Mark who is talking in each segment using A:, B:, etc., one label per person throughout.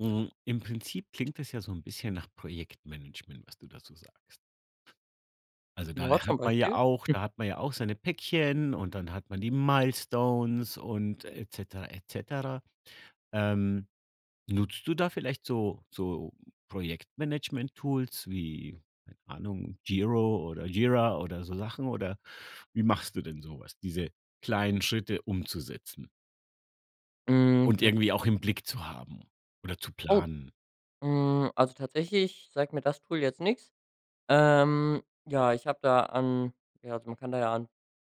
A: Mhm, im Prinzip klingt das ja so 'n bisschen nach Projektmanagement, was du da so sagst. Also da, äh,
B: Joa, zum
A: hat man ja
B: Beispiel.
A: auch
B: Hm.
A: da hat man ja auch seine Päckchen und dann hat man die Milestones und et cetera, et cetera. Ähm, nutzt du da vielleicht so so Projektmanagementtools wie, keine Ahnung, Giro oder Gira oder so Sachen oder wie machst du denn so was, diese kleinen Schritte umzusetzen?
B: Mhm,
A: Und
B: tatsächlich
A: irgendwie auch im Blick zu haben oder zu
B: Oh.
A: planen.
B: Hm, also tatsächlich, sagt mir das Tool jetzt nix. Ähm, ja, ich habe da an ja, also, man kann da ja an,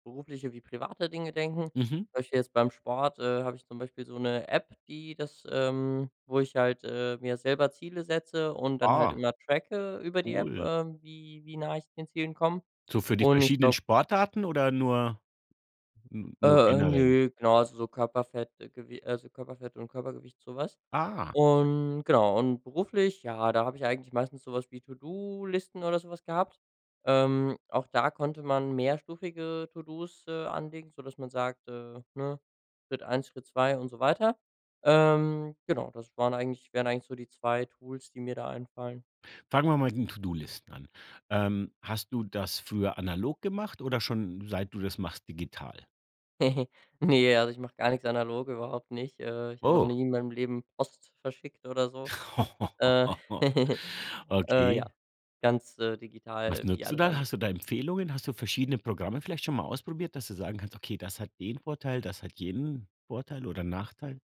B: berufliche wie private Dinge denken.
A: Mhm.
B: Zum Beispiel jetzt beim Sport, äh, habe ich zum Beispiel so 'ne App, die das ähm, wo ich halt, äh, mir selber Ziele setze und dann halt
A: Ah.
B: immer tracke über die App,
A: Cool.
B: äh, wie wie nah ich den Zielen komme.
A: So für die
B: Und ich
A: verschiedenen
B: glaube
A: Sportarten oder nur n nur
B: Äh, äh,
A: generell?
B: nö, genau, also, so Körperfett Gew also, Körperfett und Körpergewicht, so was.
A: Ah.
B: Und genau und beruflich, ja, da habe ich eigentlich meistens so was wie To-do-Listen oder so was gehabt. Ähm, auch da konnte man mehrstufige To-do's, äh, anlegen, sodass man sagt, äh, ne, Schritt 1, Schritt 2 und so weiter. Ähm, genau, das waren eigentlich wären eigentlich so die 2 Tools, die mir da einfallen.
A: Fangen wir mal in To-do-Listen an. Ähm, hast du das für analog gemacht oder schon seit du das machst digital?
B: Ne, also ich mache gar nichts analog, überhaupt nicht. Äh, ich habe auch
A: Oh.
B: nie in meinem Leben Post verschickt oder so. Äh. Äh,
A: Okay.
B: ja. Ganz, äh,
A: Was
B: digital wie
A: nutzt du
B: alles
A: da?
B: andere.
A: Hast du da Empfehlungen? Hast du verschiedene Programme vielleicht schon mal ausprobiert, dass du sagen kannst: „Okay, das hat den Vorteil, das hat jenen Vorteil oder Nachteil?“